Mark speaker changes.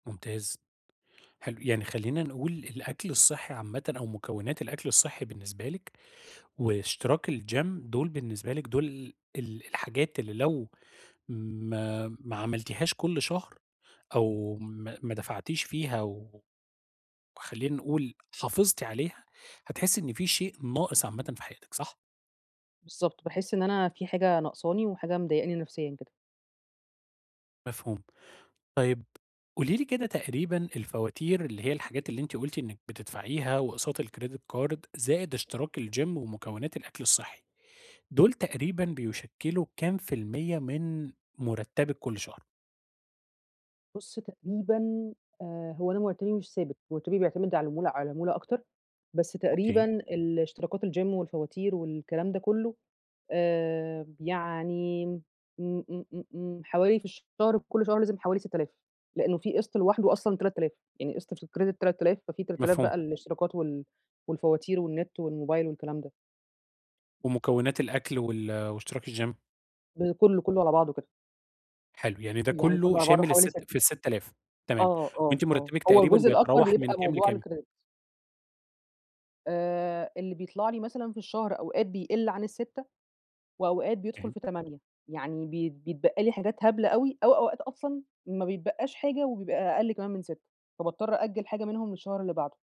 Speaker 1: ممتاز، حلو يعني خلّينا نقول الأكل الصحّي عامةً أو مكونات الأكل الصحّي بالنسبة لِك، واشتراك الgym دوُل بالنسبة لِك، دوُل ال الحاجات اللي لو ما ما عملتيهاش كل شهر، أو ما، ما دفعتيش فيها و وخلّينا نقول حافظتِ عليها، هتحسّي إن في شيء ناقص عامةً في حياتِك، صح؟
Speaker 2: بالضبط، باحس إن أنا في حاجة ناقصاني، وحاجة مضايقاني نفسيًا كده.
Speaker 1: مفهوم، طيب قولي لي كده تقريبًا الفواتير اللي هي الحاجات اللي أنتِ قُلتِ إنِّك بتدفعيها واقساط الcredit card زائد اشتراك الgym ومكوّنات الأكل الصحّي، دوُل تقريبًا بيشكِّلوا كام في المِيّة من مرتبِّك كل شهر؟
Speaker 2: بُصّ تقريبًا آآ، هو أنا مرتبي مش ثابت مرتبي بيعتمد على العمولة على العمولة أكتر، بس تقريبًا
Speaker 1: أوكي.
Speaker 2: الاشتراكات الgym والفواتير والكلام ده كلّه، آآ، يعني م إمم، إمم، إمم، إمم حوالي في الشهر كُلّ شهر لازم حوالي 6000 لإنه في قسط لوحدُه أصلًا 3000 يعني قسط في الcredit 3000 ففي 3000
Speaker 1: مفهوم.
Speaker 2: بقى للاشتراكات وال والفواتير والنت والموبايل والكلام ده.
Speaker 1: ومكونات الأكل وال واشتراك الgym؟
Speaker 2: ب كلّه، كلّه على بعضُه كده.
Speaker 1: حلو يعني ده
Speaker 2: يعني
Speaker 1: كلّه
Speaker 2: كلّه على بعضه
Speaker 1: شامل
Speaker 2: حوالي 6
Speaker 1: السِتّ في ال6000 تمام،
Speaker 2: آه، آه،
Speaker 1: وأنتِ
Speaker 2: آه
Speaker 1: مرتبِّك
Speaker 2: هو
Speaker 1: تقريبًا
Speaker 2: الجزء الأكبر
Speaker 1: بيتراوح من
Speaker 2: بيبقى
Speaker 1: كام
Speaker 2: الموضوع
Speaker 1: لكام؟
Speaker 2: الcredit. آآ، اللي بيطلع لي مثلًا في الشهر أوقات بيقل عن ال6 وأوقات بيدخل
Speaker 1: [unintelligible]
Speaker 2: في 8 يعني بيت بيتبقى لي حاجات هبلة أوي، أو أوقات أصلًا ما بيتبقّاش حاجة وبيبقى أقل كمان من 6 فباضطّر أأجل حاجة منهم للشهر اللي بعدُه.